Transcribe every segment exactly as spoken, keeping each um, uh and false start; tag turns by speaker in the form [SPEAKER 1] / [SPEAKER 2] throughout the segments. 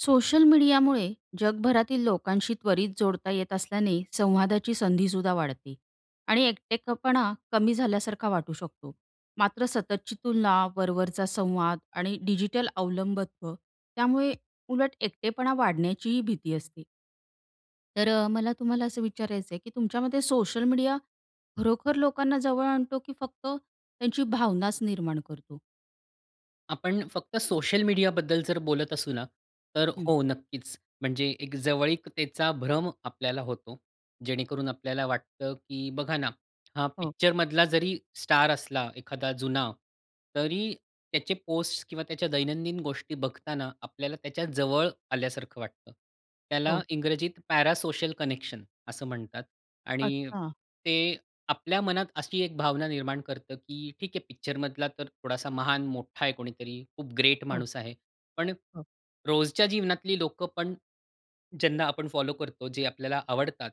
[SPEAKER 1] Social मीडियामुळे जगभरातील लोकांशी त्वरित जोडता येत असल्याने संवादाची संधीसुद्धा वाढते आणि एकटेपणा कमी झाल्यासारखा वाटू शकतो. मात्र सततची तुलना, वरवरचा संवाद, आणि डिजिटल अवलंबित्व, त्यामुळे उलट एकटेपणा वाढण्याचीही भीती असते. तर अ, मला तुम्हाला असं विचारायचंय की तुमच्यामते सोशल मीडिया खरोखर लोकांना जवळ आणतो की फक्त त्याची भावनाच निर्माण करतो?
[SPEAKER 2] आपण फक्त सोशल मीडियाबद्दल जर बोलत असू ना, तर
[SPEAKER 1] हं.
[SPEAKER 2] हो नक्कीच, म्हणजे एक जवळीकतेचा भ्रम आपल्याला होतो. जेणेकरून आपल्याला वाटतं की बघा ना, हा
[SPEAKER 1] हो.
[SPEAKER 2] पिक्चरमधला जरी स्टार असला एखादा जुना तरी त्याचे पोस्ट किंवा त्याच्या दैनंदिन गोष्टी बघताना आपल्याला त्याच्या जवळ आल्यासारखं वाटतं. त्याला
[SPEAKER 1] हो.
[SPEAKER 2] इंग्रजीत पॅरासोशल कनेक्शन असं म्हणतात आणि
[SPEAKER 1] अच्छा.
[SPEAKER 2] ते आपल्या मनात अशी एक भावना निर्माण करतं की ठीक आहे, पिक्चरमधला तर थोडासा महान मोठा आहे कोणीतरी खूप ग्रेट
[SPEAKER 1] हो.
[SPEAKER 2] माणूस आहे, पण
[SPEAKER 1] हो.
[SPEAKER 2] रोजच्या जीवनातली लोकं पण ज्यांना आपण फॉलो करतो जे आपल्याला आवडतात.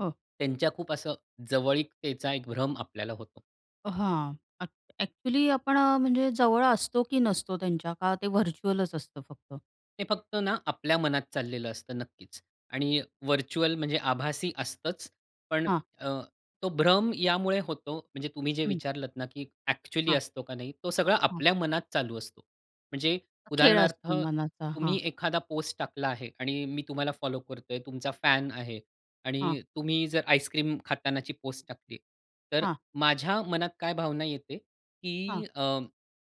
[SPEAKER 1] हो.
[SPEAKER 2] त्यांच्या खूप असं जवळीकतेचा एक भ्रम आपल्याला होतो.
[SPEAKER 1] अ, हां, [unintelligible] एक्चुअली आपण अ, म्हणजे जवळ असतो की नसतो त्यांच्या का ते व्हर्च्युअलच असतं फक्त?
[SPEAKER 2] ते फक्त ना आपल्या मनात चाललेलं असतं नक्कीच. आणि वर्चुअल म्हणजे आभासी असतंच पण
[SPEAKER 1] हां.
[SPEAKER 2] अ, तो भ्रम यामुळे होतो, म्हणजे तुम्ही जे
[SPEAKER 1] हं.
[SPEAKER 2] विचारलंत ना की एक्चुअली
[SPEAKER 1] हां.
[SPEAKER 2] असतो का नाही, तो सगळा
[SPEAKER 1] हां.
[SPEAKER 2] आपल्या मनात चालू असतो. म्हणजे
[SPEAKER 1] खेळ
[SPEAKER 2] उदाहरणार्थ
[SPEAKER 1] असतो मनाचा हां.
[SPEAKER 2] तुम्ही एखादा पोस्ट, टाकला आहे आणि मी तुम्हाला फॉलो करतोय तुमचा फॅन आहे
[SPEAKER 1] हां.
[SPEAKER 2] आणि तुम्ही जर आईसक्रीम खातानाची पोस्ट टाकली, तर
[SPEAKER 1] हां.
[SPEAKER 2] माझ्या मनात काय भावना येते
[SPEAKER 1] हां.
[SPEAKER 2] की अ,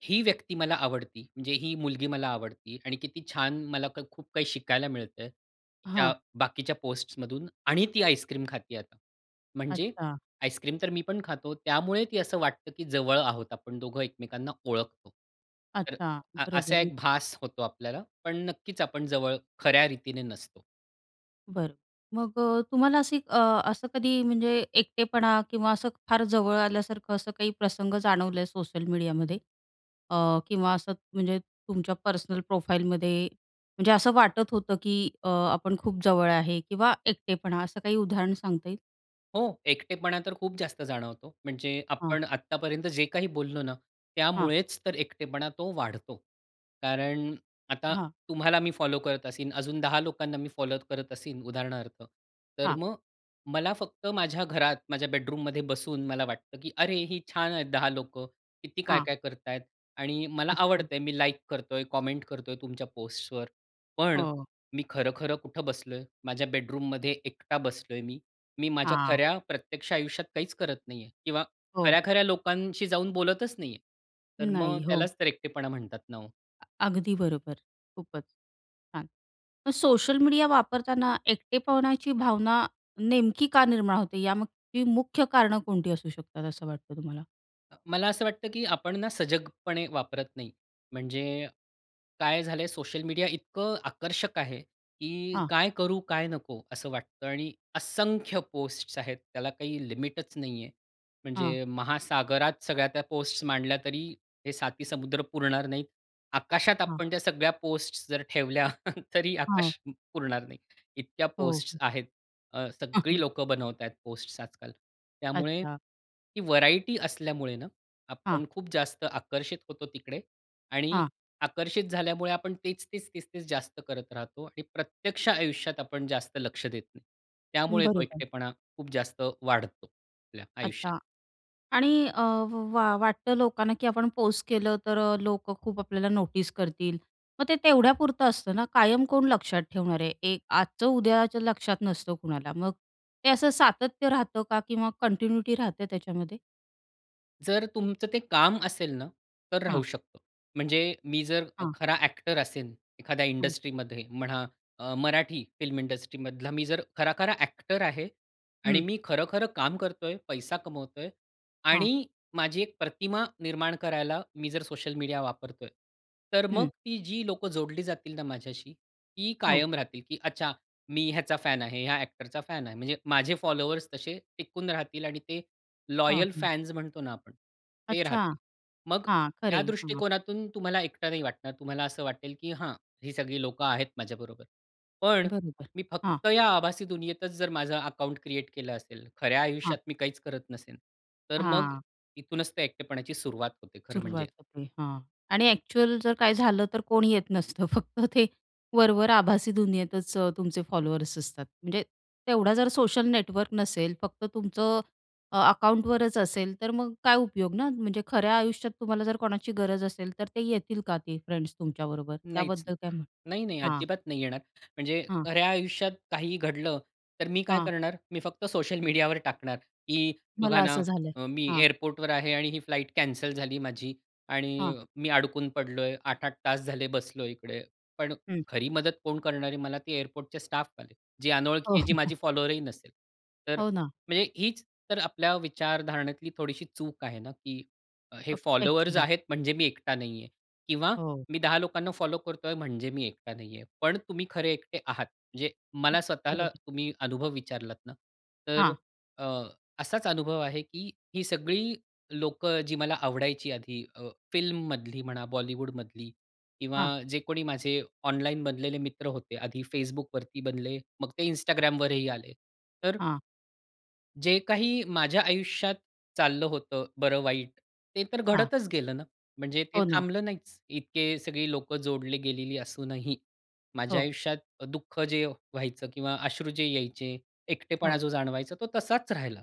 [SPEAKER 2] ही व्यक्ती मला आवडती म्हणजे ही मुलगी मला आवडती आणि किती छान मला खूप काही शिकायला मिळतं. तिच्या
[SPEAKER 1] हां.
[SPEAKER 2] बाकीच्या पोस्टमधून आणि ती आईसक्रीम खाते आता. म्हणजे
[SPEAKER 1] अच्छा.
[SPEAKER 2] आईसक्रीम तर मी पण खातो त्यामुळे ती असं वाटतं की जवळ आहोत, आपण दोघं एकमेकांना ओळखतो. तर
[SPEAKER 1] अच्छा,
[SPEAKER 2] अ,
[SPEAKER 1] बरोबर
[SPEAKER 2] असा एक भास होतो आपल्याला. पण नक्कीच आपण जवळ खऱ्या रीतीने नसतो.
[SPEAKER 1] बरं मग अ, तुम्हाला अशी अ, असं कधी म्हणजे एकटेपणा किंवा असं फार जवळ आल्यासारखं असं काही प्रसंग जाणवले सोशल मीडियामध्ये अ, किंवा असं म्हणजे तुमच्या पर्सनल प्रोफाईलमध्ये म्हणजे असं वाटत होतं की अ, आपण खूप जवळ आहे किंवा एकटेपणा असं काही उदाहरण सांगता येईल?
[SPEAKER 2] हो, एकटेपणा तर खूप जास्त जाणवतो. म्हणजे
[SPEAKER 1] हां.
[SPEAKER 2] आपण आत्तापर्यंत जे काही बोललो ना,
[SPEAKER 1] हां.
[SPEAKER 2] त्यामुळेच तर एकटेपणा तो वाढतो. कारण आता
[SPEAKER 1] हां.
[SPEAKER 2] तुम्हाला मी फॉलो करत असेन, अजून दहा लोकांना मी फॉलो करत असेन, उदाहरणार्थ, तर
[SPEAKER 1] हां.
[SPEAKER 2] मग मला फक्त माझ्या घरात, माझ्या बेडरूममध्ये बसून मला वाटतं, की अरे, ही छान आहेत, दहा लोकं किती
[SPEAKER 1] हां.
[SPEAKER 2] काय-काय करत आहेत. आणि मला आवडत
[SPEAKER 1] अच्छा.
[SPEAKER 2] आहे, मी लाइक करतोय, कमेंट करतोय तुमच्या पोस्ट्सवर. पण
[SPEAKER 1] हो.
[SPEAKER 2] मी खरं-खरं कुठं बसलोय? माझ्या बेडरूममध्ये एकटा बसलोय मी. मी माझ्या
[SPEAKER 1] हां.
[SPEAKER 2] खऱ्या प्रत्यक्ष आयुष्यात काहीच करत नाही आहे किंवा
[SPEAKER 1] हो.
[SPEAKER 2] खऱ्या-खऱ्या लोकांशी जाऊन बोलतच नाही आहे. तर मग
[SPEAKER 1] नाही, हो.
[SPEAKER 2] त्यालाच तर एकटेपणा म्हणतात ना, हो.
[SPEAKER 1] अ अगदी बरोबर, खूपच, छान. मग सोशल मीडिया वापरताना एकटेपणाची भावना नेमकी का निर्माण होते, यामागची मुख्य कारणं कोणती असू शकतात, असं वाटतं तुम्हाला?
[SPEAKER 2] अ, मला असं वाटतं, की आपण ना सजगपणे वापरत नाही. म्हणजे काय झालं आहे, सोशल मीडिया इतकं आकर्षक आहे, की
[SPEAKER 1] हां.
[SPEAKER 2] काय करू, काय नको असं वाटतं आणि असंख्य पोस्ट्स आहेत. त्याला काही लिमिटच नाही आहे.
[SPEAKER 1] हां.
[SPEAKER 2] म्हणजे महासागरात सगळ्या त्या पोस्ट्स मांडल्या, तरी हे सातही समुद्र पुरणार नाहीत. आकाशात
[SPEAKER 1] हां.
[SPEAKER 2] आपण त्या सगळ्या पोस्ट्स जर ठेवल्या, तरी
[SPEAKER 1] हां.
[SPEAKER 2] आकाश पुरणार नाही. इतक्या
[SPEAKER 1] हो.
[SPEAKER 2] पोस्ट्स आहेत. अ, सगळी लोकं बनवत आहेत पोस्ट्स आजकाल. त्यामुळे
[SPEAKER 1] अच्छा.
[SPEAKER 2] ही व्हरायटी असल्यामुळे ना,
[SPEAKER 1] हां.
[SPEAKER 2] आपण खूप जास्त आकर्षित होतो तिकडे. आणि
[SPEAKER 1] हां.
[SPEAKER 2] आकर्षित झाल्यामुळे आपण तेच, तेच, तेच जास्त करत राहतो. आणि प्रत्यक्ष आयुष्यात आपण जास्त लक्ष देत नाही. त्यामुळे तो
[SPEAKER 1] बरोबर.
[SPEAKER 2] एकटेपणा खूप जास्त वाढतो, आपल्या आयुष्यात.
[SPEAKER 1] अच्छा. आणि अ, वा वाटतं लोकांना, की आपण पोस्ट केलं तर अ, लोकं खूप आपल्याला नोटीस करतील. मग ते तेवढ्यापुरतं असतं ना. कायम कोण लक्षात ठेवणार आहे. एक आजचं, उद्याचं लक्षात नसतं कुणाला. मग ते असं सातत्य राहतं का किंवा कंटिन्युटी राहते त्याच्यामध्ये?
[SPEAKER 2] जर तुमचं ते काम असेल ना, तर राहू
[SPEAKER 1] हां.
[SPEAKER 2] शकतो. म्हणजे मी जर अ,
[SPEAKER 1] हां.
[SPEAKER 2] खरा ॲक्टर असेन एखाद्या
[SPEAKER 1] हं.
[SPEAKER 2] इंडस्ट्रीमध्ये म्हणा, अ, मराठी फिल्म इंडस्ट्रीमधला मी जर खरा-खरा ॲक्टर आहे आणि
[SPEAKER 1] हं.
[SPEAKER 2] मी खरं-खरं काम करतोय, पैसा कमवतोय
[SPEAKER 1] हां.
[SPEAKER 2] आणि माझी एक प्रतिमा निर्माण करायला मी जर सोशल मीडिया वापरतोय. तर मग
[SPEAKER 1] हं.
[SPEAKER 2] ती जी लोक जोडली जातील ना माझ्याशी, ती
[SPEAKER 1] हो.
[SPEAKER 2] कायम राहतील. की अच्छा मी ह्याचा फॅन आहे, या ॲक्टरचा फॅन आहे म्हणजे माझे फॉलोवर्स तसे टिकून राहतील आणि ते
[SPEAKER 1] हां,
[SPEAKER 2] लॉयल
[SPEAKER 1] हां.
[SPEAKER 2] फॅन्स म्हणतो ना आपण, ते
[SPEAKER 1] अच्छा!
[SPEAKER 2] राहतील. मग
[SPEAKER 1] हां,
[SPEAKER 2] या
[SPEAKER 1] खरंय, हां.
[SPEAKER 2] दृष्टिकोनातून तुम्हाला एकटं नाही वाटणार. तुम्हाला असं वाटेल की हां, ही सगळी लोक आहेत माझ्याबरोबर. पण
[SPEAKER 1] बरोबर,
[SPEAKER 2] मी
[SPEAKER 1] हां.
[SPEAKER 2] फक्त या आभासी दुनियेतच जर माझं अकाउंट क्रिएट केलं असेल, खऱ्या
[SPEAKER 1] हां.
[SPEAKER 2] आयुष्यात मी काहीच करत नसेन, तर मग
[SPEAKER 1] हां.
[SPEAKER 2] इथूनच ते एकटेपणाची सुरुवात होते खरं म्हणजे.
[SPEAKER 1] सुरुवात होते हां, आणि ॲक्चुअल जर काही झालं तर कोणी येत नसतं फक्त ते वरवर आभासी दुनियेतच अ, तुमचे फॉलोअर्स असतात. म्हणजे तेवढा जर सोशल नेटवर्क नसेल फक्त तुमचं अ, अकाऊंटवरच असेल तर मग काय उपयोग ना, म्हणजे खऱ्या आयुष्यात तुम्हाला जर कोणाची गरज असेल तर ते येतील का ते फ्रेंड्स तुमच्याबरोबर?
[SPEAKER 2] नाहीच नाही.
[SPEAKER 1] त्याबद्दल काय म्हणण?
[SPEAKER 2] नाही, नाही
[SPEAKER 1] हां.
[SPEAKER 2] अजिबात नाही येणार. म्हणजे
[SPEAKER 1] हां.
[SPEAKER 2] खऱ्या आयुष्यात काहीही घडलं तर मी काय
[SPEAKER 1] हां.
[SPEAKER 2] करणार, मी फक्त सोशल मीडियावर टाकणार की,
[SPEAKER 1] मला
[SPEAKER 2] "बघा ना
[SPEAKER 1] असं झालंय.
[SPEAKER 2] अ, मी
[SPEAKER 1] हां.
[SPEAKER 2] एअरपोर्टवर आहे आणि ही फ्लाइट कॅन्सल झाली माझी आणि
[SPEAKER 1] हां.
[SPEAKER 2] मी अडकून पडलोय आठ आठ तास झाले बसलोय इकडे." पण
[SPEAKER 1] हं.
[SPEAKER 2] खरी मदत कोण करणार आहे मला, ते एअरपोर्टचे स्टाफवाले. जे
[SPEAKER 1] हो.
[SPEAKER 2] अनोळखी आहे, जी माझी फॉलोअर्स ही नसेल. तर
[SPEAKER 1] हो ना.
[SPEAKER 2] म्हणजे हीच तर आपल्या विचारधारणेतली थोडीशी चूक आहे ना, की हे
[SPEAKER 1] ओक
[SPEAKER 2] फॉलोअर्स
[SPEAKER 1] ॲक्चुअली.
[SPEAKER 2] आहेत म्हणजे मी एकटा नाही आहे किंवा
[SPEAKER 1] हो.
[SPEAKER 2] मी दहा लोकांना फॉलो करतोय म्हणजे मी एकटा नाहीये. पण तुम्ही खरे एकटे आहात म्हणजे,
[SPEAKER 1] हं,
[SPEAKER 2] मला स्वतःला
[SPEAKER 1] बरोबर.
[SPEAKER 2] तुम्ही अनुभव विचारलात ना तर
[SPEAKER 1] हां.
[SPEAKER 2] अ, असाच अनुभव आहे की ही सगळी लोक जी मला आवडायची आधी अ, फिल्ममधली म्हणा. बॉलिवूडमधली किंवा
[SPEAKER 1] हां.
[SPEAKER 2] जे कोणी माझे ऑनलाइन बनलेले मित्र होते आधी Facebookवरती बनले मग ते
[SPEAKER 1] हां.
[SPEAKER 2] Instagramवरही आले तर
[SPEAKER 1] हां.
[SPEAKER 2] जे काही माझ्या आयुष्यात चाललं होतं, बरं-वाईट, ते तर
[SPEAKER 1] हां.
[SPEAKER 2] घडतच गेलं ना. म्हणजे ते
[SPEAKER 1] हो ना.
[SPEAKER 2] थांबलं नाहीच. इतके सगळी लोकं जोडली गेलेली असूनही, माझ्या
[SPEAKER 1] हो.
[SPEAKER 2] आयुष्यात अ, दुःख जे व्हायचं किंवा अश्रू जे यायचे, एकटेपणा
[SPEAKER 1] हो.
[SPEAKER 2] जो जाणवायचा तो तसाच राहिला.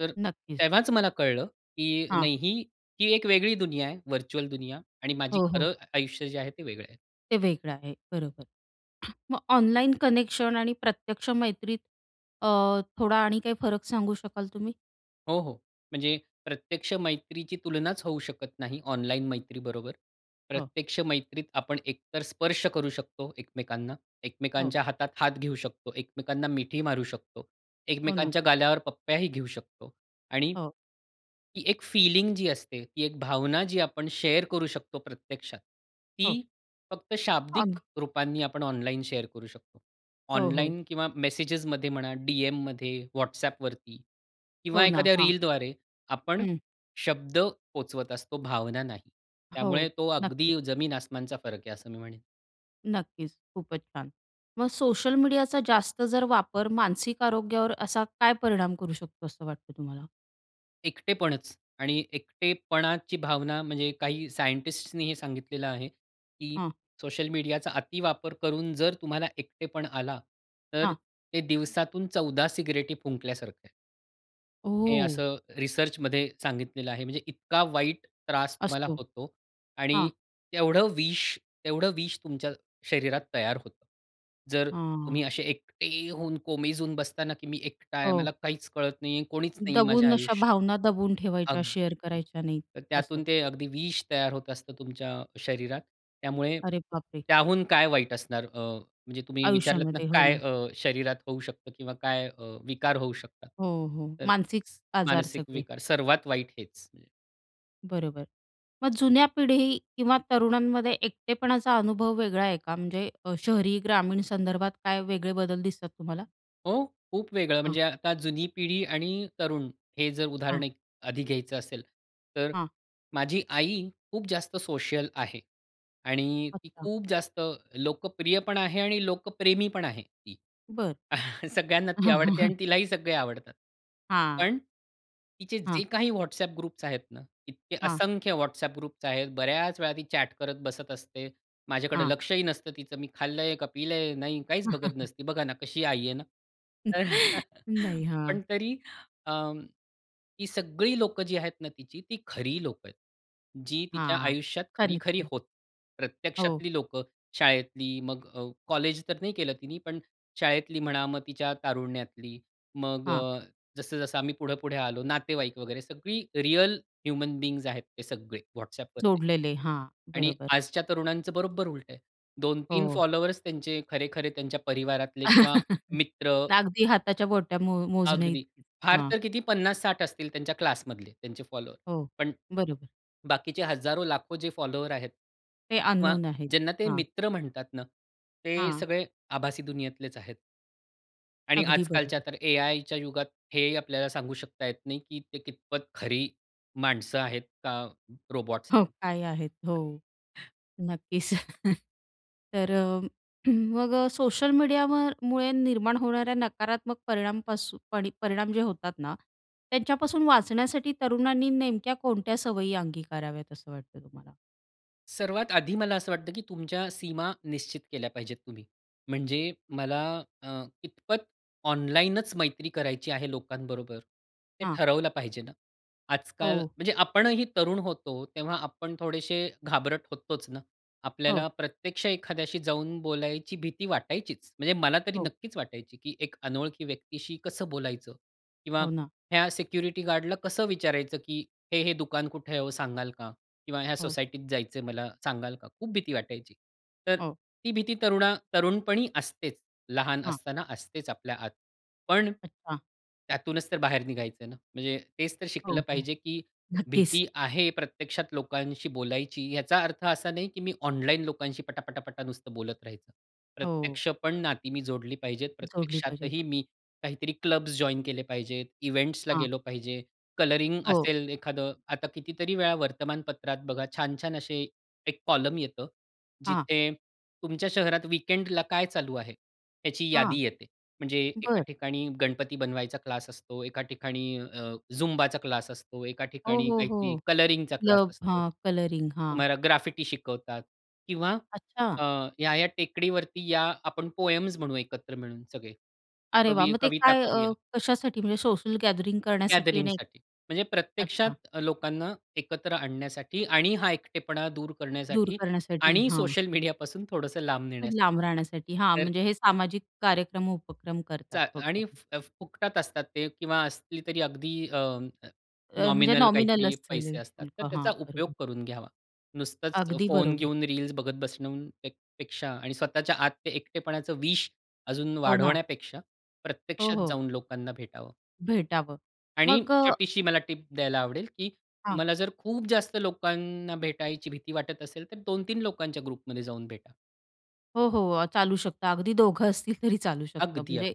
[SPEAKER 2] तर
[SPEAKER 1] नक्कीच.
[SPEAKER 2] तेव्हाच मला कळलं की
[SPEAKER 1] हां.
[SPEAKER 2] नाही ही, ही एक वेगळी दुनिया आहे. व्हर्चुअल दुनिया आणि माझी
[SPEAKER 1] हो, हो.
[SPEAKER 2] खरं आ आयुष्य जे आहे ते वेगळं आहे.
[SPEAKER 1] ते वेगळं आहे, बरोबर. मग ऑनलाईन कनेक्शन आणि प्रत्यक्ष मैत्रीत, अ, थोडा आणि काही फरक सांगू शकाल तुम्ही?
[SPEAKER 2] हो, हो. म्हणजे प्रत्यक्ष मैत्रीची तुलनाच होऊ शकत नाही, ऑनलाईन मैत्रीबरोबर.
[SPEAKER 1] हो.
[SPEAKER 2] प्रत्यक्ष मैत्रीत आपण एकतर स्पर्श करू शकतो एकमेकांना,
[SPEAKER 1] हो.
[SPEAKER 2] एकमेकांच्या हातात हात घेऊ शकतो, एकमेकांना मिठी मारू शकतो,
[SPEAKER 1] हो ना.
[SPEAKER 2] एकमेकांच्या गालावर पप्प्याही घेऊ शकतो आणि
[SPEAKER 1] हो.
[SPEAKER 2] ती एक फीलिंग जी असते, ती एक भावना जी आपण शेअर करू शकतो प्रत्यक्षात
[SPEAKER 1] हो.
[SPEAKER 2] ती फक्त शाब्दिक
[SPEAKER 1] अग
[SPEAKER 2] रूपांनी आपण ऑनलाईन शेअर करू शकतो.
[SPEAKER 1] हो, हो.
[SPEAKER 2] ऑनलाइन किंवा मेसेजेसमध्ये म्हणा, डीएममध्ये, WhatsAppवरती किंवा
[SPEAKER 1] हो ना,
[SPEAKER 2] एखाद्या
[SPEAKER 1] हां.
[SPEAKER 2] रीलद्वारे आपण
[SPEAKER 1] हं.
[SPEAKER 2] शब्द पोहोचवत असतो, भावना नाही. त्यामुळे
[SPEAKER 1] हो,
[SPEAKER 2] तो
[SPEAKER 1] नक्कीच.
[SPEAKER 2] अगदी जमीन-आसमानचा फरक आहे, असं मी म्हणेन.
[SPEAKER 1] नक्कीच. खूपच छान! मग सोशल मीडियाचा जास्त जर वापर मानसिक आरोग्यावर असा काय परिणाम करू शकतो असं वाटतं तुम्हाला?
[SPEAKER 2] एकटेपणच. आणि एकटेपणाची भावना म्हणजे काही सायंटिस्टसने हे सांगितलेलं आहे की
[SPEAKER 1] हं.
[SPEAKER 2] सोशल मीडियाचा अतिवापर करून जर तुम्हाला एकटेपण आला तर
[SPEAKER 1] हं.
[SPEAKER 2] ते दिवसातून चौदा सिगारेटी फुंकल्यासारखं आहे. हे
[SPEAKER 1] ओह!
[SPEAKER 2] असं रिसर्चमध्ये सांगितलेलं आहे. म्हणजे इतका वाईट त्रास तुम्हाला
[SPEAKER 1] असतो.
[SPEAKER 2] होतो आणि
[SPEAKER 1] हां.
[SPEAKER 2] तेवढं विष, तेवढं विष तुमच्या शरीरात तयार होतं. जर तुम्ही
[SPEAKER 1] हां.
[SPEAKER 2] असे एकटे होऊन कोमेजून बसता ना की मी एकटा आहे मला
[SPEAKER 1] हो.
[SPEAKER 2] काहीच कळत नाहीये, कोणीच नाहीये माझ्या
[SPEAKER 1] दबून, अशा
[SPEAKER 2] आयुष्यात.
[SPEAKER 1] भावना दबून ठेवायच्या शेअर
[SPEAKER 2] अगदी
[SPEAKER 1] करायच्या नाहीत.
[SPEAKER 2] तर
[SPEAKER 1] असं.
[SPEAKER 2] त्यातून ते अगदी विष तयार होत असतं तुमच्या शरीरात. त्यामुळे
[SPEAKER 1] अरे बापरे!
[SPEAKER 2] त्याहून काय वाईट असणार अ, म्हणजे तुम्ही विचारलत ना
[SPEAKER 1] आयुष्यामध्ये. हो
[SPEAKER 2] काय
[SPEAKER 1] ना.
[SPEAKER 2] अ, शरीरात होऊ शकतं किंवा काय अ, विकार होऊ शकतात?
[SPEAKER 1] हो, हो.
[SPEAKER 2] तर
[SPEAKER 1] मानसिक
[SPEAKER 2] स
[SPEAKER 1] आजार
[SPEAKER 2] मानसिक
[SPEAKER 1] सगळे.
[SPEAKER 2] विकार सर्वात वाईट हेच.
[SPEAKER 1] बरोबर. मग जुन्या पिढी किंवा तरुणांमध्ये एकटेपणाचा अनुभव वेगळा आहे का? म्हणजे अ, शहरी, ग्रामीण संदर्भात काय वेगळे बदल दिसतात तुम्हाला?
[SPEAKER 2] हो खूप वेगळं.
[SPEAKER 1] हां.
[SPEAKER 2] म्हणजे आता जुनी पिढी आणि तरुण हे जर उदाहरण
[SPEAKER 1] हां.
[SPEAKER 2] एक आधी घ्यायचं असेल तर
[SPEAKER 1] हां.
[SPEAKER 2] माझी आई खूप जास्त सोशल आहे आणि ती
[SPEAKER 1] अच्छा.
[SPEAKER 2] खूप जास्त लोकप्रिय पण आहे आणि लोकप्रेमी पण आहे ती.
[SPEAKER 1] बरं.
[SPEAKER 2] सगळ्यांना ती आवडते आणि तिलाही सगळे आवडतात.
[SPEAKER 1] हां.
[SPEAKER 2] पण, तिचे जे
[SPEAKER 1] हां.
[SPEAKER 2] काही WhatsApp ग्रुप्स आहेत ना, इतके
[SPEAKER 1] हां.
[SPEAKER 2] असंख्य WhatsApp ग्रुप्स आहेत, बऱ्याच वेळा ती चॅट करत बसत असते. माझ्याकडे
[SPEAKER 1] हां.
[SPEAKER 2] लक्षही नसतं तिचं. मी खाल्लंय का पिलंय नाही काहीच बघत नसती. बघा ना कशी आई आहे ना.
[SPEAKER 1] नाही, हां.
[SPEAKER 2] पण तरी अं, ही सगळी लोकं जी आहेत ना तिची ती खरी लोकं आहेत. जी तिच्या
[SPEAKER 1] हां.
[SPEAKER 2] आयुष्यात खरी-खरी
[SPEAKER 1] [unintelligible]
[SPEAKER 2] होत,
[SPEAKER 1] हो.
[SPEAKER 2] प्रत्यक्षातली लोकं. शाळेतली मग अ, कॉलेज तर नाही केलं तिनी पण शाळेतली म्हणा मग तिच्या तारुण्यातली. मग
[SPEAKER 1] हां.
[SPEAKER 2] अ, जसं-जसं आम्ही पुढं-पुढे आलो नातेवाईक वगैरे सगळी रिअल ह्युमन बीइंग्स आहेत ते सगळे WhatsAppवरती
[SPEAKER 1] जोडलेले हां
[SPEAKER 2] आणि
[SPEAKER 1] बरोबर.
[SPEAKER 2] आजच्या तरुणांचं बरोबर उलट आहे. दोन तीन
[SPEAKER 1] हो.
[SPEAKER 2] फॉलोअर्स त्यांचे खरे-खरे त्यांच्या परिवारातले किंवा मित्र
[SPEAKER 1] अगदी हाताच्या बोटांवर मो
[SPEAKER 2] अगदी.
[SPEAKER 1] मोजण्याइतकीच.
[SPEAKER 2] फार
[SPEAKER 1] हां.
[SPEAKER 2] तर किती पन्नास साठ असतील त्यांच्या क्लासमधले त्यांचे फॉलोवर.
[SPEAKER 1] हो,
[SPEAKER 2] पण
[SPEAKER 1] बरोबर.
[SPEAKER 2] बाकीचे हजारो लाखो जे फॉलोअर्स आहेत
[SPEAKER 1] ते
[SPEAKER 2] किंवा
[SPEAKER 1] अननोन आहेत.
[SPEAKER 2] ज्यांना ते
[SPEAKER 1] हां.
[SPEAKER 2] मित्र म्हणतात ना ते
[SPEAKER 1] हां.
[SPEAKER 2] सगळे आभासी दुनियेतलेच आहेत. आणि
[SPEAKER 1] अगदी
[SPEAKER 2] आजकालच्या
[SPEAKER 1] बरोबर.
[SPEAKER 2] तर एआयच्या युगात, हे आपल्याला सांगू शकता येत नाही की ते कितपत खरी माणसं आहेत, का रोबॉट्स
[SPEAKER 1] हो.
[SPEAKER 2] आहेत?
[SPEAKER 1] आहे आहेत. हो, नक्कीच. तर अ, मग सोशल मीडियावर मुळे निर्माण होणाऱ्या नकारात्मक परिणामपासून परिणाम जे होतात ना, त्यांच्यापासून वाचण्यासाठी तरुणांनी नेमक्या कोणत्या सवयी अंगीकाराव्यात असं वाटतं तुम्हाला?
[SPEAKER 2] सर्वात आधी, मला असं वाटतं की तुमच्या सीमा निश्चित केल्या पाहिजेत तुम्ही. म्हणजे मला अ, इतपत ऑनलाईनंच मैत्री करायची आहे लोकांबरोबर, हे
[SPEAKER 1] हां.
[SPEAKER 2] ठरवलं पाहिजे ना. आजकाल
[SPEAKER 1] हो.
[SPEAKER 2] म्हणजे आपणही तरुण होतो तेव्हा आपण थोडेसे घाबरत होतोंच ना. आपल्याला
[SPEAKER 1] हो.
[SPEAKER 2] प्रत्यक्ष एखाद्याशी जाऊन बोलायची भीती वाटायचीचं, म्हणजे मला तरी
[SPEAKER 1] हो.
[SPEAKER 2] नक्कीच वाटायची, की एक अनोळखी व्यक्तीशी कसं बोलायचं? किंवा
[SPEAKER 1] हो ना.
[SPEAKER 2] ह्या सिक्युरिटी गार्ड ला कसं विचारायचं की, "हे-हे दुकान कुठे आहे ओ सांगाल का?" किंवा, "ह्या
[SPEAKER 1] हो.
[SPEAKER 2] सोसायटीत जायचं मला सांगाल का?" खूप भीती वाटायची. तर
[SPEAKER 1] हो.
[SPEAKER 2] ती भीती तरुणा तरुणपणी असतेच लहान
[SPEAKER 1] हां.
[SPEAKER 2] असताना असतेच आपल्या आत. पण,
[SPEAKER 1] अच्छा.
[SPEAKER 2] त्यातूनच तर बाहेर निघायचं आहे ना? म्हणजे तेचं तर
[SPEAKER 1] हो,
[SPEAKER 2] शिकलं
[SPEAKER 1] हो
[SPEAKER 2] पाहिजे की
[SPEAKER 1] नक्कीच.
[SPEAKER 2] भीती आहे प्रत्यक्षात लोकांशी बोलायची, याचा अर्थ असा नाही, की मी ऑनलाईन लोकांशी पटा-पटा-पटा नुसतं बोलत राहायचं.
[SPEAKER 1] हो.
[SPEAKER 2] प्रत्यक्षपण नाती मी जोडली पाहिजेत,
[SPEAKER 1] जोडली पाहिजेत.
[SPEAKER 2] प्रत्यक्षातही मी काहीतरी क्लब्स जॉइन केले पाहिजेत, इव्हेंट्स ला
[SPEAKER 1] हां.
[SPEAKER 2] गेलो पाहिजे, कलरिंग
[SPEAKER 1] हो.
[SPEAKER 2] असेल एखादं. आता कितीतरी वेळा वर्तमानपत्रात बघा छान-छान असे एक कॉलमन येतं,
[SPEAKER 1] हां.
[SPEAKER 2] जिथे तुमच्या शहरात वीकेंड ला काय चालू आहे, त्याची
[SPEAKER 1] हां.
[SPEAKER 2] यादी येते. म्हणजे एका
[SPEAKER 1] बरं.
[SPEAKER 2] ठिकाणी गणपती बनवायचा क्लास असतो, एका ठिकाणी अ, झुंबाचा क्लास असतो, एका
[SPEAKER 1] हो,
[SPEAKER 2] ठिकाणी
[SPEAKER 1] हो,
[SPEAKER 2] काहीतरी
[SPEAKER 1] हो.
[SPEAKER 2] कलरिंग चा क्लास
[SPEAKER 1] क्लब
[SPEAKER 2] असतो,
[SPEAKER 1] हां. कलरिंग हां.
[SPEAKER 2] तुम्हाला ग्राफिटी शिकवतात किंवा
[SPEAKER 1] अच्छा.
[SPEAKER 2] अ, या-या टेकडी वरती या आपण पोएम्स म्हणू एकत्र मिळून सगळे
[SPEAKER 1] अरे वाह!
[SPEAKER 2] कवि
[SPEAKER 1] मग ते
[SPEAKER 2] कविता
[SPEAKER 1] काय अ,
[SPEAKER 2] करूया
[SPEAKER 1] कशासाठी, म्हणजे सोशल गॅदरिंग करण्यासाठी?
[SPEAKER 2] गॅदरिंग
[SPEAKER 1] आणि
[SPEAKER 2] साठी. म्हणजे
[SPEAKER 1] अच्छा!
[SPEAKER 2] प्रत्यक्षात लोकांना एकत्र आणण्यासाठी आणि हा एकटेपणा दूर
[SPEAKER 1] दूर
[SPEAKER 2] करण्यासाठी
[SPEAKER 1] करण्यासाठी,
[SPEAKER 2] आणि
[SPEAKER 1] हां.
[SPEAKER 2] सोशल मीडियापासून थोडंसं लांब
[SPEAKER 1] लांब
[SPEAKER 2] नेण्यासाठी.
[SPEAKER 1] राहण्यासाठी, हां.
[SPEAKER 2] तर
[SPEAKER 1] म्हणजे हे सामाजिक कार्यक्रम, उपक्रम
[SPEAKER 2] च
[SPEAKER 1] करतात
[SPEAKER 2] आणि
[SPEAKER 1] थोडक्यात.
[SPEAKER 2] फुकटात असतात ते किंवा असली तरी अगदी अ,
[SPEAKER 1] अ, म्हणजे
[SPEAKER 2] नॉमिनल
[SPEAKER 1] नॉमिनल
[SPEAKER 2] काहीतरी पैसे
[SPEAKER 1] असेलं,
[SPEAKER 2] असतात. तर
[SPEAKER 1] हां
[SPEAKER 2] त्याचा उपयोग
[SPEAKER 1] बरोबर.
[SPEAKER 2] करून घ्यावा. नुसतंच
[SPEAKER 1] अगदी
[SPEAKER 2] फोन
[SPEAKER 1] बरोबर.
[SPEAKER 2] घेऊन रील्स बघत बसणून पेक्षा आणि स्वतःच्या आत ते एकटेपणाचं विष अजून
[SPEAKER 1] हो ना.
[SPEAKER 2] वाढवण्यापेक्षा,
[SPEAKER 1] हो,
[SPEAKER 2] प्रत्यक्षात
[SPEAKER 1] हो.
[SPEAKER 2] जाऊन लोकांना भेटावं
[SPEAKER 1] भेटावं.
[SPEAKER 2] आणि
[SPEAKER 1] मग अ
[SPEAKER 2] छोटीशी मला टिप द्यायला आवडेल, की
[SPEAKER 1] हां.
[SPEAKER 2] तुम्हाला जर खूप जास्त लोकांना भेटायची भीती वाटत असेल, तर दोन तीन लोकांच्या ग्रुप मध्ये जाऊन भेटा.
[SPEAKER 1] हो, हो. चालू शकतं अगदी दोघं असतील तरी चालू शकतं.
[SPEAKER 2] अगदी, अग
[SPEAKER 1] म्हणजे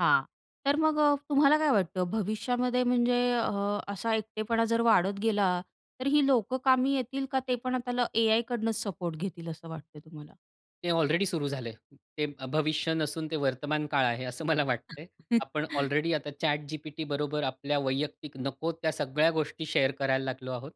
[SPEAKER 1] हां. तर मग तुम्हाला काय वाटतं भविष्यामध्ये म्हणजे अ, असा एकटेपणा जर वाढत गेला तर ही लोक कामी येतील का? ते पण आता एआयकडूनच सपोर्ट घेतील असं वाटतंय तुम्हाला?
[SPEAKER 2] ते ऑलरेडी सुरु झालंय. ते भविष्य नसून ते वर्तमान काळ आहे असं मला वाटतंय. आपण ऑलरेडी आता ChatGPT बरोबर आपल्या वैयक्तिक नको त्या सगळ्या गोष्टी शेअर करायला लागलो आहोत.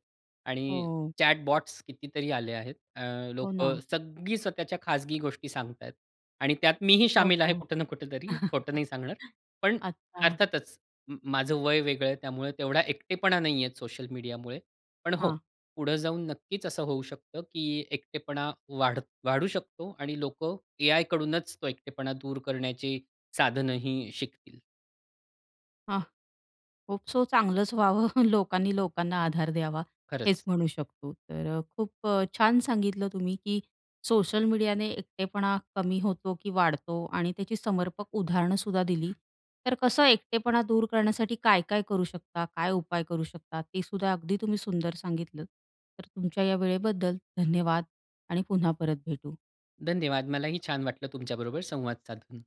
[SPEAKER 2] आणि
[SPEAKER 1] हो.
[SPEAKER 2] चॅट बॉट्स कितीतरी आले आहेत. अ,
[SPEAKER 1] हो
[SPEAKER 2] लोक
[SPEAKER 1] ना.
[SPEAKER 2] सगळी स्वतःच्या खाजगी गोष्टी सांगत आहेत. आणि त्यात मीही
[SPEAKER 1] हो,
[SPEAKER 2] शामिल आहे
[SPEAKER 1] हो.
[SPEAKER 2] कुठं ना कुठेतरी खोटं नाही सांगणार. पण
[SPEAKER 1] अच्छा.
[SPEAKER 2] अर्थातच म माझं वय वेगळं आहे त्यामुळं तेवढा एकटेपणा नाहीये सोशल मीडियामुळे. पण हो,
[SPEAKER 1] हां.
[SPEAKER 2] पुढं जाऊन नक्कीच असं होऊ शकतं की एकटेपणा वाढत वाढू शकतो आणि लोक एआयकडूनच तो एकटेपणा दूर करण्याची साधनंही शिकतील.
[SPEAKER 1] हां. होप सो चांगलंच व्हावं लोकांनी लोकांना आधार द्यावा हेच
[SPEAKER 2] खरंच.
[SPEAKER 1] म्हणू शकतो. तर अ, खूप अ, छान सांगितलं तुम्ही की सोशल मीडियाने एकटेपणा कमी होतो की वाढतो आणि त्याची समर्पक उदाहरणंसुद्धा दिली. तर कसं एकटेपणा दूर करण्यासाठी काय-काय करू शकता? काय उपाय करू शकता? ते सुद्धा अगदी तुम्ही सुंदर सांगितलंत. तर तुमच्या या वेळेबद्दल धन्यवाद आणि पुन्हा परत भेटू.
[SPEAKER 2] धन्यवाद. मलाही छान वाटलं तुमच्याबरोबर संवाद साधून.